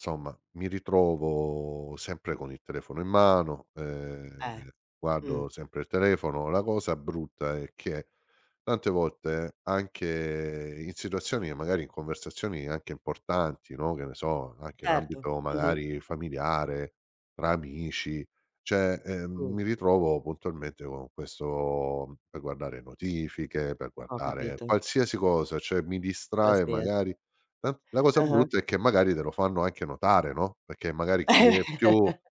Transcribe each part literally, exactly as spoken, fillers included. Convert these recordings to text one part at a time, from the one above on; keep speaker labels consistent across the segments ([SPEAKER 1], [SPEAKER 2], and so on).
[SPEAKER 1] Somma, mi ritrovo sempre con il telefono in mano,
[SPEAKER 2] Eh,
[SPEAKER 1] ehm, guardo
[SPEAKER 2] mh.
[SPEAKER 1] sempre il telefono. La cosa brutta è che tante volte anche in situazioni, che magari in conversazioni anche importanti, no, che ne so, anche in
[SPEAKER 2] Certo
[SPEAKER 1] ambito
[SPEAKER 2] mh-mh.
[SPEAKER 1] magari familiare tra amici, ceh, ehm,
[SPEAKER 2] Mh.
[SPEAKER 1] mi ritrovo puntualmente con questo per guardare notifiche, per
[SPEAKER 2] Ho
[SPEAKER 1] guardare
[SPEAKER 2] capito.
[SPEAKER 1] qualsiasi cosa, ceh mi distrae
[SPEAKER 2] Qualsiasi.
[SPEAKER 1] magari. La la cosa
[SPEAKER 2] Ah-ah.
[SPEAKER 1] brutta è che magari te lo fanno anche notare, no, perché magari chi è più,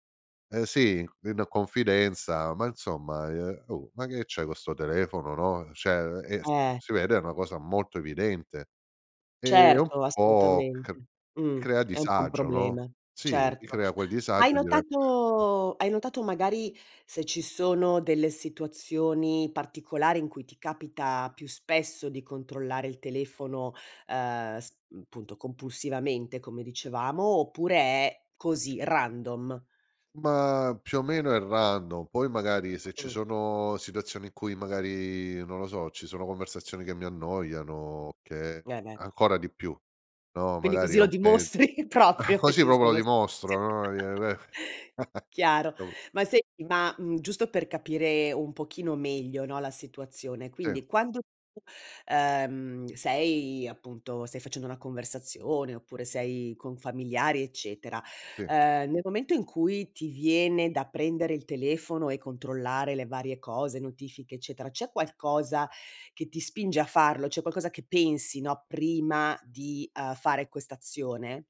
[SPEAKER 1] eh sì, in confidenza: "Ma insomma, ehm oh! Ma che c'hai co sto telefono?" No, ceh ehm, e
[SPEAKER 2] Eh
[SPEAKER 1] si vede è una cosa molto evidente. Ehm, un
[SPEAKER 2] Certo,
[SPEAKER 1] po' c
[SPEAKER 2] assolutamente, mh.
[SPEAKER 1] crea
[SPEAKER 2] È un po' un
[SPEAKER 1] disagio, no,
[SPEAKER 2] problema,
[SPEAKER 1] sì, mi
[SPEAKER 2] certo.
[SPEAKER 1] crea quel
[SPEAKER 2] Hai
[SPEAKER 1] disagio dire [unintelligible]
[SPEAKER 2] notato hai notato magari se ci sono delle situazioni particolari in cui ti capita più spesso di controllare il telefono, uhm, sp punto compulsivamente, come dicevamo, oppure è così, random?
[SPEAKER 1] Ma più o meno è random, poi magari se ci
[SPEAKER 2] Mh-mh.
[SPEAKER 1] sono situazioni in cui magari, non lo so, ci sono conversazioni che mi annoiano, che
[SPEAKER 2] Eh, beh.
[SPEAKER 1] ancora di più, no,
[SPEAKER 2] Quindi
[SPEAKER 1] magari
[SPEAKER 2] così
[SPEAKER 1] è
[SPEAKER 2] lo
[SPEAKER 1] un me
[SPEAKER 2] dimostri proprio che
[SPEAKER 1] così
[SPEAKER 2] ci
[SPEAKER 1] popo
[SPEAKER 2] sono situazi
[SPEAKER 1] dimostro, no, ie: "Beh!".
[SPEAKER 2] chiaro!
[SPEAKER 1] Dopo
[SPEAKER 2] Ma senti, ma, mhmm, giusto per capire un pochino meglio, no, la situazione,
[SPEAKER 1] Sì.
[SPEAKER 2] quindi quando tu, uhm, sei appunto stai facendo una conversazione oppure sei con familiari eccetera,
[SPEAKER 1] Sì.
[SPEAKER 2] uhm, nel momento in cui ti viene da prendere il telefono e controllare le varie cose, notifiche eccetera, c'è qualcosa che ti spinge a farlo? C'è qualcosa che pensi, no, prima di, uhm, fare quest'azione?